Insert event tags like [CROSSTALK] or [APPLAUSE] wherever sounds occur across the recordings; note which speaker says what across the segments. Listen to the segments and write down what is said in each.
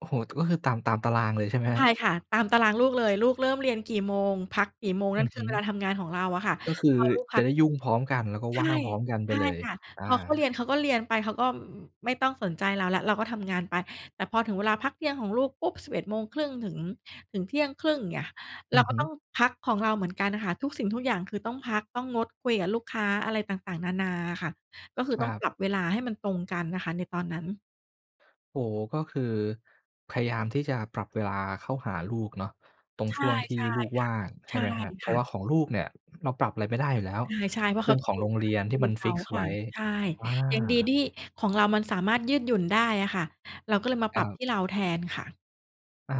Speaker 1: โอ้โฮ ก็คือตาม ตามตารางเลยใช่ไหมค
Speaker 2: ใ
Speaker 1: ร
Speaker 2: ช
Speaker 1: ั
Speaker 2: ่
Speaker 1: บ?
Speaker 2: ค่ะ ตามตารางลูกเลย ลูกเริ่มเรียนกี่โมง พักกี่โมง
Speaker 1: อ
Speaker 2: น
Speaker 1: ื
Speaker 2: ั่
Speaker 1: อ
Speaker 2: นค
Speaker 1: ฮ
Speaker 2: ือเว
Speaker 1: ึ
Speaker 2: ลาทำงานของเราอะค่ะ
Speaker 1: ก็คื
Speaker 2: พ
Speaker 1: อ
Speaker 2: อลูกพ
Speaker 1: จ
Speaker 2: ั
Speaker 1: ะ
Speaker 2: ก
Speaker 1: ได้
Speaker 2: เน
Speaker 1: ย
Speaker 2: ี
Speaker 1: ุ
Speaker 2: ่
Speaker 1: ่
Speaker 2: ย
Speaker 1: งพร้อมกัน แล้วก็
Speaker 2: ใช
Speaker 1: ว
Speaker 2: ่
Speaker 1: ่างพร้อมกันไ
Speaker 2: ใช
Speaker 1: ป
Speaker 2: ่
Speaker 1: เลย
Speaker 2: ค่ะ
Speaker 1: อ
Speaker 2: พอ
Speaker 1: า
Speaker 2: เขาเรียน เขาก็เรียนไป เขาก็ อ ไม่ต้องสนใจเราแล้ว เราก็ทำงานไป แต่พอถึงเวลาพักเที่ยงของลูกปุ๊บ 11:30 ถึง ถึงเที่ยงครึ่ง อย่างเงี้ย เ
Speaker 1: อ
Speaker 2: ร
Speaker 1: ื
Speaker 2: า
Speaker 1: อ
Speaker 2: ก
Speaker 1: ฮ
Speaker 2: ็
Speaker 1: ึ
Speaker 2: ต้องพักของเราเหมือนกันน่ะค่ะ ทุกสิ่งทุกอย่างคือต้องพัก ต้องงดคุยกับลูกค้าอะไรต่าง ๆ นานาอะค่ะ ก็คือ
Speaker 1: ค
Speaker 2: ต้
Speaker 1: ร
Speaker 2: อ
Speaker 1: ั
Speaker 2: ง
Speaker 1: บ
Speaker 2: ปรับเวลาให้มันตรงกันนะคะในตอนนั้น
Speaker 1: โอ้โฮ ก็คือพยายามที่จะปรับเวลาเข้าหาลูกเนาะ ตรง
Speaker 2: ใช
Speaker 1: ช
Speaker 2: ่
Speaker 1: ่วงที่
Speaker 2: ใช่ค่ะ
Speaker 1: ลูกว่าง ใช
Speaker 2: ใช
Speaker 1: ่
Speaker 2: ่
Speaker 1: ไหมครับ เ
Speaker 2: ค
Speaker 1: พรา
Speaker 2: ่
Speaker 1: ะว
Speaker 2: ะ
Speaker 1: ่าของลูกเนี่ย เราปรับอะไรไม่ได้อยู่แล้ว
Speaker 2: ใช่ ๆ
Speaker 1: เ
Speaker 2: เ
Speaker 1: พ
Speaker 2: พ
Speaker 1: ร
Speaker 2: ร
Speaker 1: า
Speaker 2: า
Speaker 1: ะ
Speaker 2: ะ
Speaker 1: เ
Speaker 2: เ
Speaker 1: ป
Speaker 2: ข
Speaker 1: ็
Speaker 2: า
Speaker 1: น
Speaker 2: ต้
Speaker 1: ข
Speaker 2: อง
Speaker 1: อ
Speaker 2: เ
Speaker 1: ง
Speaker 2: รี
Speaker 1: โ
Speaker 2: ย
Speaker 1: ร
Speaker 2: น
Speaker 1: ง
Speaker 2: ต
Speaker 1: เร
Speaker 2: า
Speaker 1: ี
Speaker 2: ม
Speaker 1: ยน
Speaker 2: ค
Speaker 1: ที
Speaker 2: ร
Speaker 1: ่
Speaker 2: ู
Speaker 1: มัน
Speaker 2: เข
Speaker 1: ฟิ
Speaker 2: า
Speaker 1: กซ์
Speaker 2: ค
Speaker 1: ไ
Speaker 2: ่
Speaker 1: ว
Speaker 2: ะ
Speaker 1: ้
Speaker 2: ใช่
Speaker 1: ว่า
Speaker 2: ยังดีที่ของเรามันสามารถยืดหยุ่นได้อะค่ะ เราก็เลยมา
Speaker 1: ค
Speaker 2: ปร
Speaker 1: ร
Speaker 2: ับ
Speaker 1: ับ
Speaker 2: ที่เราแทนค่ะ
Speaker 1: อา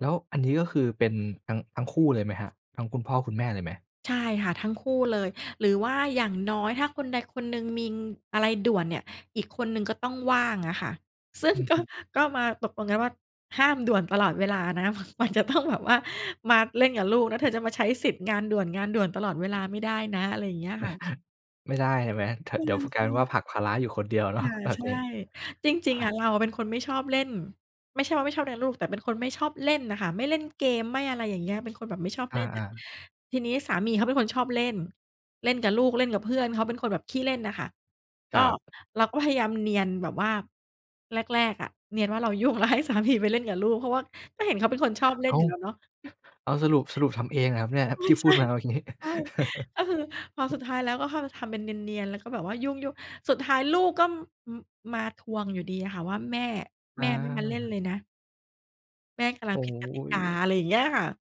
Speaker 1: แล้วอันนี้ ก็คือเป็นทั้ง ทั้งคู่เลยไหมครับ ทั้งคุณพ่อคุณแม่เลยไหม?
Speaker 2: ใช่ค่ะ ทั้งคู่เลย หรือว่าอย่างน้อย ถ้าคนใดคนหนึ่งมีอะไรด่วนเนี่ย อีกคนหนึ่งก็ต้องว่างอะค่ะ ซึ่
Speaker 1: อ
Speaker 2: ง
Speaker 1: ือ
Speaker 2: ก
Speaker 1: ฮ
Speaker 2: ็
Speaker 1: ึ
Speaker 2: ก็มาตกลงกันว่า "ห้ามด่วนตลอดเวลานะ ม มันจะ ต้องแบบว่ามาเล่นกับลูกนะ เธอจะมาใช้สิทธิ์งานด่วน งานด่วน ตลอดเวลาไม่ได้นะ" อะไรอย่างเงี้ย ค่ะ
Speaker 1: [CHUCKLES] ไม่ได้เห็นไหม ท
Speaker 2: ใ
Speaker 1: เดี๋ยว พ ก
Speaker 2: ช
Speaker 1: ลาย
Speaker 2: ่
Speaker 1: เป็นว่า
Speaker 2: ๆ
Speaker 1: ผลักภาระอยู่คนเดียวเน
Speaker 2: ค
Speaker 1: าะ
Speaker 2: ่ะ
Speaker 1: แบ
Speaker 2: ใ
Speaker 1: บ
Speaker 2: ช่
Speaker 1: นี้
Speaker 2: จริง ๆ อะเราอะเป็นคนไม่ชอบเล่น ไม่ใช่ว่าไม่ชอบเลี้ยงลูก แต่เป็นคนไม่ชอบเล่นน่ะค่ะ ไม่เล่นเกม ไม่อะไรอย่างเงี้ย เป็นคนแบบไม่ชอบ
Speaker 1: อ
Speaker 2: เล่นอ
Speaker 1: า
Speaker 2: ะ
Speaker 1: ๆ
Speaker 2: ทีนี้สามีเขาเป็นคนชอบเล่น เล่นกับลูก เล่นกับเพื่อน เขาเป็นคนแบบขี้เล่นน่ะค่ะ
Speaker 1: ค
Speaker 2: ก็
Speaker 1: รับ
Speaker 2: เราก็พยายามเนียนแบบว่า แรก ๆ อะ เนียนว่าเรา ยุ่ง แล้วให้สามี ไปเล่นกับลูก เพราะว่าก็เห็นเขาเป็นคนชอบเล่
Speaker 1: อ้
Speaker 2: น
Speaker 1: า
Speaker 2: อยู
Speaker 1: ว
Speaker 2: ่แล้วเนาะ
Speaker 1: อ้าว สรุป สรุปทำเองเหรอครับเนี่ยที
Speaker 2: [CHUCKLES]
Speaker 1: ่
Speaker 2: ใ
Speaker 1: พ
Speaker 2: ช
Speaker 1: ู
Speaker 2: ่
Speaker 1: ดมาเมื่อ กี้
Speaker 2: ๆ ใช่ ก็คือพอส
Speaker 1: [CHUCKLES]
Speaker 2: ุดท้ายแล้ว ก็เข้าไปทำเป็นเนียน ๆ แล้วก็แบบว่ายุ่ง ๆ สุดท้ายลูกก็ ม มาทวงอยู่ดีอะค่ะว่า แม่
Speaker 1: อ
Speaker 2: แม่ไม่มาเล่น
Speaker 1: า
Speaker 2: เลยนะ แม่กะลั
Speaker 1: โอ
Speaker 2: ง
Speaker 1: ้
Speaker 2: ผิ
Speaker 1: โ
Speaker 2: ดกติกา
Speaker 1: ฮ
Speaker 2: อะไรอย่างเงี้ยค่ะ